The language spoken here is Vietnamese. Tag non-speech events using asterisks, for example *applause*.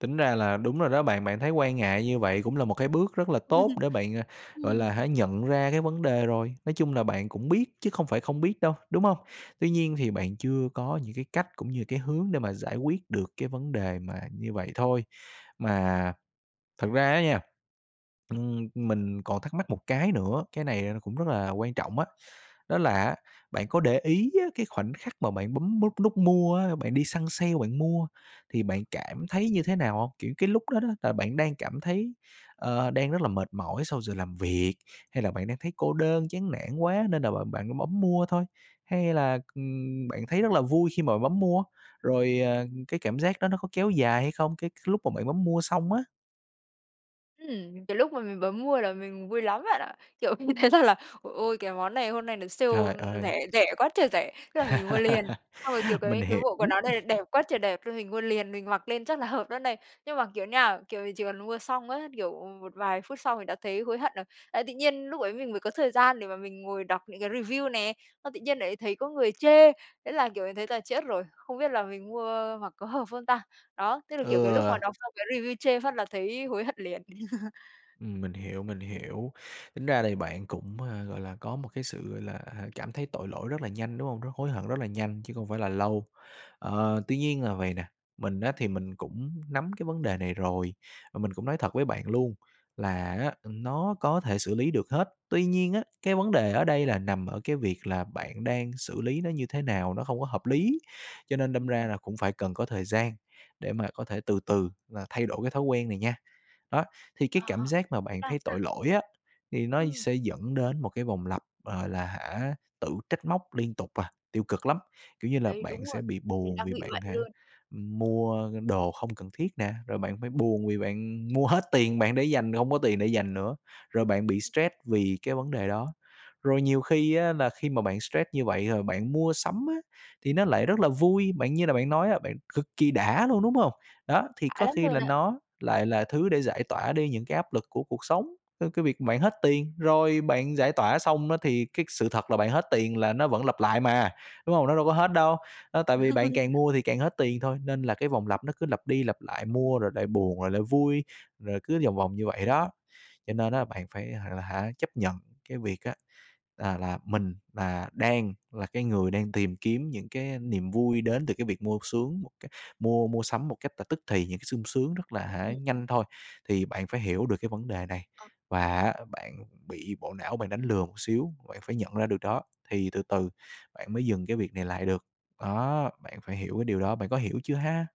Tính ra là đúng rồi đó bạn, bạn thấy quan ngại như vậy cũng là một cái bước rất là tốt *laughs* để bạn, à, gọi Ừm. là, hả, nhận ra cái vấn đề rồi. Nói chung là bạn cũng biết chứ không phải không biết đâu, đúng hông? Tuy nhiên thì bạn chưa có những cái cách, cũng như cái hướng để mà giải quyết được cái vấn đề mà như vậy thôi. Mà thật ra á nha, ừm, mình còn thắc mắc một cái nữa, cái này nó cũng rất là quan trọng á, đó là á, bạn có để ý á, cái khoảnh khắc mà bạn bấm nút nút mua á, bạn đi săn sale bạn mua, thì bạn cảm thấy như thế nào hông? Kiểu, cái lúc đó đó là bạn đang cảm thấy, ờ, đang rất là mệt mỏi sau giờ làm việc? Hay là bạn đang thấy cô đơn, chán nản quá nên là bạn bạn bấm mua thôi? Hay là, ừm, bạn thấy rất là vui khi mà bạn bấm mua, rồi, à, cái cảm giác đó nó có kéo dài hay không? Cái lúc mà bạn bấm mua xong á. Ừm, cái lúc mà mình bấm mua là mình vui lắm bạn ạ. Kiểu, mình thấy rằng là, ồ, ôi, cái món này hôm nay nó sale Trời ơi! rẻ rẻ quá trời rẻ, thế là mình mua liền. *laughs* Xong rồi, kiểu, cái Mình cái hiểu. bộ quần áo này đẹp quá trời đẹp nên mình mua liền, mình mặc lên chắc là hợp đó này, nhưng mà, kiểu, nha, kiểu, mình chỉ cần mua xong á, kiểu, một vài phút sau mình đã thấy hối hận rồi. Ờ, tự nhiên lúc ấy mình mới có thời gian để mà mình ngồi đọc những cái review nè, xong tự nhiên lại thấy có người chê, thế là, kiểu, mình thấy là chết rồi, không biết là mình mua mặc có hợp không ta? Đó, tức là, Ừ. kiểu, cái lúc mà đọc xong cái review chê phát là thấy hối hận liền. *laughs* Ừm, mình hiểu, mình hiểu, tính ra thì bạn cũng, à, gọi là, có một cái sự, gọi là, hả, cảm thấy tội lỗi rất là nhanh, đúng hông? Rất hối hận, rất là nhanh chứ không phải là lâu. Ờ, tuy nhiên là vầy nè, mình á, thì mình cũng nắm cái vấn đề này rồi, và mình cũng nói thật với bạn luôn là á, ừm, nó có thể xử lý được hết. Tuy nhiên á, cái vấn đề ở đây là nằm ở cái việc là bạn đang xử lý nó như thế nào? Nó không có hợp lý, cho nên đâm Ừm. ra là cũng phải cần có thời gian để mà có thể từ từ và thay đổi cái thói quen này nha. Đó, thì À, cái cảm *unintelligible* giác mà bạn sao thấy ta? tội lỗi á, thì nó Ừm. sẽ dẫn đến một cái vòng lặp, gọi là, hả, tự trách móc liên tục, à, tiêu cực lắm. Kiểu như là, Đấy, bạn đúng sẽ rồi, bị mình buồn đang vì bị bạn, vậy hả, luôn. ừm, mua đồ không cần thiết nè, rồi bạn phải buồn vì bạn mua hết tiền bạn để dành, hông có tiền để dành nữa, rồi bạn Ừm. bị stress vì cái vấn đề đó. Rồi nhiều khi á, là khi mà bạn stress như vậy rồi bạn mua sắm á, thì nó lại rất là vui, bạn như là bạn nói á, bạn cực kỳ đã luôn, đúng hông? Đó, thì Đã có lắm khi luôn là á. nó lại là thứ để giải tỏa đi những cái áp lực của cuộc sống, ơ, cái việc bạn hết tiền, rồi bạn giải tỏa xong á, thì cái sự thật là bạn hết tiền là nó vẫn lặp lại mà, đúng hông? Nó đâu có hết đâu, đó, tại vì *unintelligible* bạn càng *laughs* mua thì càng hết tiền thôi, nên là cái vòng lặp nó cứ lặp đi lặp lại mua rồi lại buồn rồi lại vui, rồi cứ vòng vòng như vậy đó. Cho nên bạn phải, là hả, chấp nhận cái việc á, là là mình là đang là cái người đang tìm kiếm những cái, a, niềm vui đến từ cái việc mua xuống một cái mua mua sắm một cách là tức thì, những cái sung sướng rất là, hả, Ừm. nhanh thôi. Thì bạn phải hiểu được cái vấn đề này Ờ. và á, bạn bị bộ não bạn đánh lừa một xíu, bạn phải nhận ra được đó, thì từ từ bạn mới dừng cái việc này lại được. Đó, bạn phải hiểu cái điều đó, bạn có hiểu chưa ha?